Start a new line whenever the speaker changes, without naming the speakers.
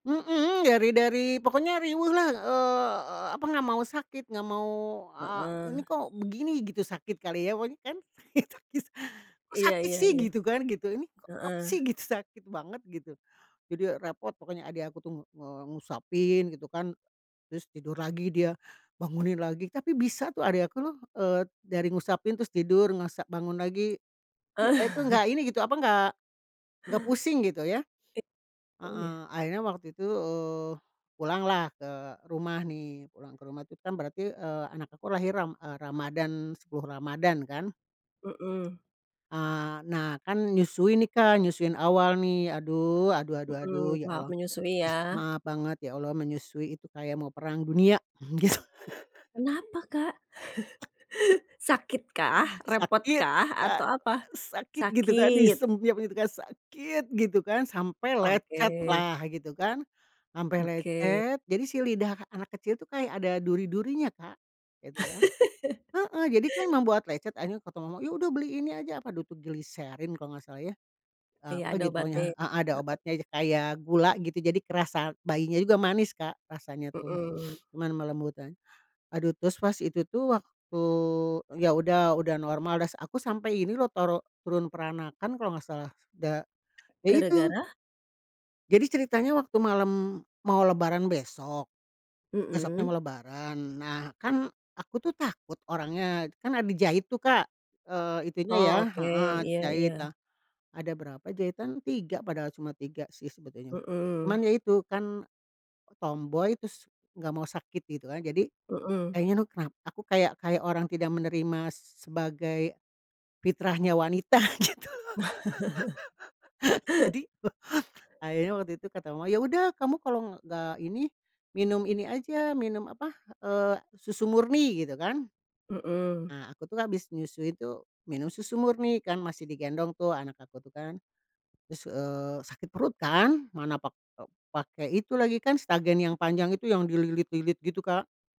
Mmm, dari dari pokoknya riweh lah, eee, apa nggak mau sakit nggak mau a
Heeh.
ini kok begini gitu, sakit kali ya [unintelligible] kok
Iya
sakit
iya
sih
iya,
gitu kan, gitu ini kok apa
heeh.
sih gitu sakit banget gitu. Jadi ya repot pokoknya adik aku tuh ng nge ngusapin gitu kan. Terus tidur lagi dia, bangunin lagi tapi bisa tuh adik aku loh, eee, dari ngusapin terus tidur ngusa bangun lagi. I a itu nggak ini gitu, apa ga ga pusing gitu ya.
I oh ya?
Heeh, akhirnya waktu itu, eee, pulanglah ke rumah nih, pulang ke rumah tuh kan berarti, eee, anak aku lahir ram eee, Ramadhan, 10 Ramadhan kan.
Mhm.
Ah, nah kan nyusui nih, Kak, nyusuin awal nih, aduh aduh aduh aduh
Mhm,
ya
tahap
Allah,
menyusui ya.
maaf banget ya Allah menyusui itu kayak mau perang dunia gitu.
Kenapa, Kak? Sakitkah?
Sakit
Repotkah?
Kak,
Atau apa?
sakit gitu kan,
Sakit.
disempiap gitu kan, sakit gitu kan sampai lecet
Oke.
lah gitu kan. Sampai
Oke.
lecet jadi si lidah anak kecil tuh kayak ada duri durinya, Kak, gitu kan, heeh, jadi tuh emang buat lecet, akhirnya kata mamah, yaudah beli ini aja, apa dulu tuh gliserin kalau nggak salah ya.
Iya
Apa
ada
gitu
obatnya,
pokoknya heeh a ada
heeh.
obatnya aja kayak gula gitu jadi kerasa bayinya juga manis, Kak, rasanya tuh,
Mhm.
cuma melembutkan. Aduh terus pas itu tuh waktu yaudah, udah normal udah s aku sampai ini loh toro turun peranakan kalo gak salah da ya itu.
Gara-gara?
Jadi ceritanya waktu malam mau Lebaran besok. Besoknya mau
Mhm.
Lebaran, nah kan aku tuh takut orangnya kan ada jahit tuh, Kak, eee, itunya ya
Oh oke,
heeh,
iya
jahit
iya.
lah. Ada berapa jahitan, 3 padahal cuma 3 sih sebetulnya.
Mhm.
Cuman ya itu kan tomboy tus nggak mau sakit gitu kan jadi,
Mhm.
kayaknya nuh kena aku kayak kayak orang tidak menerima sebagai, fitrahnya wanita gitu. Jadi akhirnya waktu itu kata mama, "yaudah kamu kalau nggak ini, minum ini aja, minum apa eee, susu murni" gitu kan.
Mhm.
Ah, aku tuh habis nyusui tuh minum susu murni kan masih digendong tuh anak aku tuh kan. Terus, eee, sakit perut kan, mana pak eee, pake itu lagi kan stagen yang panjang itu yang dililit-lilit gitu, Kak.